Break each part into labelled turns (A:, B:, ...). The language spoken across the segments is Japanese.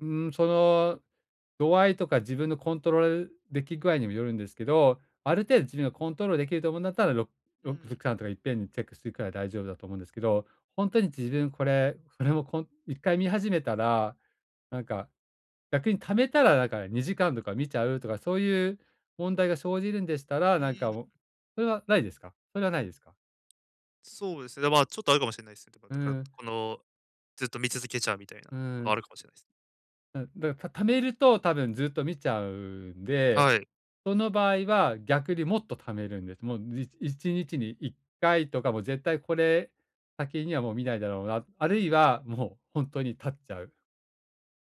A: うーん、その、度合いとか自分のコントロール出来具合にもよるんですけど、ある程度自分がコントロール出来ると思うんだったら、ろ
B: う
A: ろく [unintelligible]
B: ん。
A: かんとかいっぺんにチェックしていくから大丈夫だと思うんですけど、ほんとに自分これ、それもこん1回見始めたら、なんか逆に溜めたらなんか2時間とか見ちゃうとかそういう問題が生じるんでしたら、なんかも
B: [unintelligible]
A: それはないですかそれはないですか？
B: そうですね。で、ま、ちょっとあるかもしんないすね。だから
A: う
B: だから
A: ーん。
B: このずっと見続けちゃうみたいな
A: う
B: のが、あ
A: ん。
B: るかもしれないす。
A: うん、だた溜めると多分ずっと見ちゃうんで、
B: はい。
A: その場合は逆にもっと溜めるんです。もうじ1日に1回とか、もう絶対これ先にはもう見ないだろうな、
B: う
A: あるい
B: ん。
A: は、もうほんとに絶っちゃう。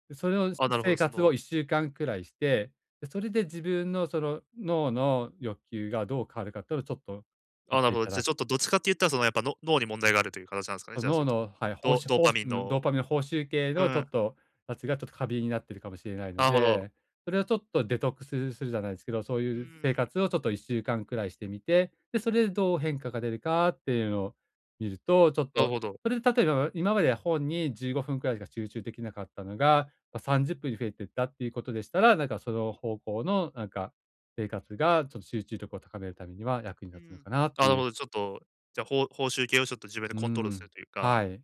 A: うそれのす
B: あ、なるほど、
A: 生
B: そ
A: 活を
B: の
A: 1週間くらいして、それで自分のその脳の欲求がどう変わるか、とをちょっと見
B: あ、なる
A: て
B: ほ
A: い
B: ど。
A: た
B: じゃ、
A: だ
B: ちょっとどっちかって言ったら、そのやっぱの脳に問題があるという形なんすかね、
A: あ、
B: じゃあ、そ
A: 脳
B: の、
A: の、はい、ほう
B: ド
A: し
B: ドー
A: ほ
B: パ
A: うし
B: ミン
A: ん、ド
B: の
A: ーパミンの報酬系
B: う
A: のちょ
B: ん。
A: っと、たちがちょっと過敏になっているかもしれないの
B: なるほど。
A: で、それをちょっとデトックスするするじゃないですけど、そう
B: う
A: いう生
B: ん。
A: 活をちょっと1週間くらいしてみて、で、それでどう変化が出るかっていうのを見ると、ちょっ
B: なる
A: と、
B: ほど。
A: それで例えば、今までは本に15分くらいしか集中出来なかったのが、ま、30分に増えていったっていうことでしたら、なんかその方向のなんか生活が、ちょっと集中力を高めるためには役に
B: う
A: 立つの
B: ん。
A: かなって
B: なる
A: い
B: ほ
A: う。
B: ど、ちょっと、じゃあ報報酬系をちょっと自分で
A: う
B: コントロールする
A: ん、
B: というか。
A: はい。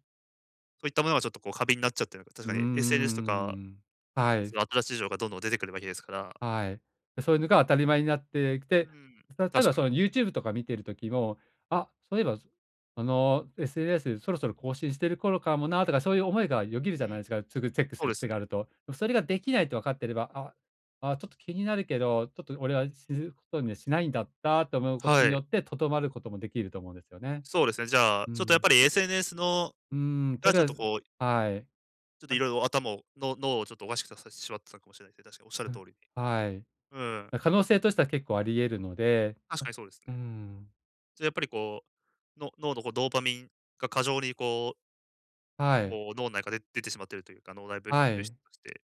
B: そういったものがちょっとこう過敏になっちゃってるのか。確
A: うー
B: か
A: ん、う
B: に SNS と
A: んう
B: か
A: ん。は
B: です
A: い。
B: ね、新しい情報がどんどん出てくるわけですから。
A: はい。で、そういうのが当たり前になってき
B: う
A: て、
B: ん、
A: たた
B: 確
A: だ
B: か
A: そ
B: に。
A: の YouTube とか見てる時も、「あ、そういえばあの SNS そろそろ更新してる頃かもな」とかそういう思いがよぎ
B: う
A: るじゃないで
B: ん。
A: すか、すぐチェック
B: そ
A: す
B: う
A: る
B: です
A: 癖が
B: ね。
A: あると。それが出来ないと分かってれば、「あ、ああ、ちょっと気になるけど、ちょっと俺は知ることにはしないんだった」と思うこと
B: は
A: によ
B: い。
A: って、とどまることも出来ると思うんですよね。
B: そうですね、じゃあ、
A: う
B: ちょっとやっ
A: ん。
B: ぱり SNS の
A: うーん、と
B: が
A: り
B: ち
A: あ
B: ょっ
A: え
B: と
A: ず、
B: こう
A: はい。
B: ちょっと
A: [unintelligible]
B: 色々頭を、の脳をちょっとおかしくさせせしまってたかもしれないすね、確か仰る
A: う
B: 通
A: ん、
B: りに。
A: はい、
B: うん。
A: だ可能性としては結構あり得るので
B: 確かにそうです
A: うー
B: ね。
A: ん。
B: じゃ、やっぱりこう、の脳のこうドーパミンが過剰にこう
A: はい。
B: こう、脳ん中で出てしまっているというか、脳内ぶ
A: は
B: 物質
A: い。
B: として、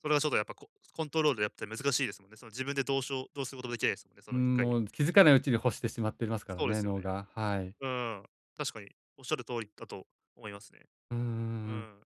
B: それはちょっとやっぱこコントロールやって難しいですもんね。その自分でどうしょうどうすることも出来ないですんね、そ
A: うー
B: のいっ
A: ん、
B: かい
A: もう、つ気づかないうちに欲してしまってますから
B: そうで
A: ね、
B: すよ
A: 脳
B: ね。
A: が、はい。
B: うん、確かに仰る通りだと思いますね。
A: うーん、う
B: う
A: んうん。
B: ん。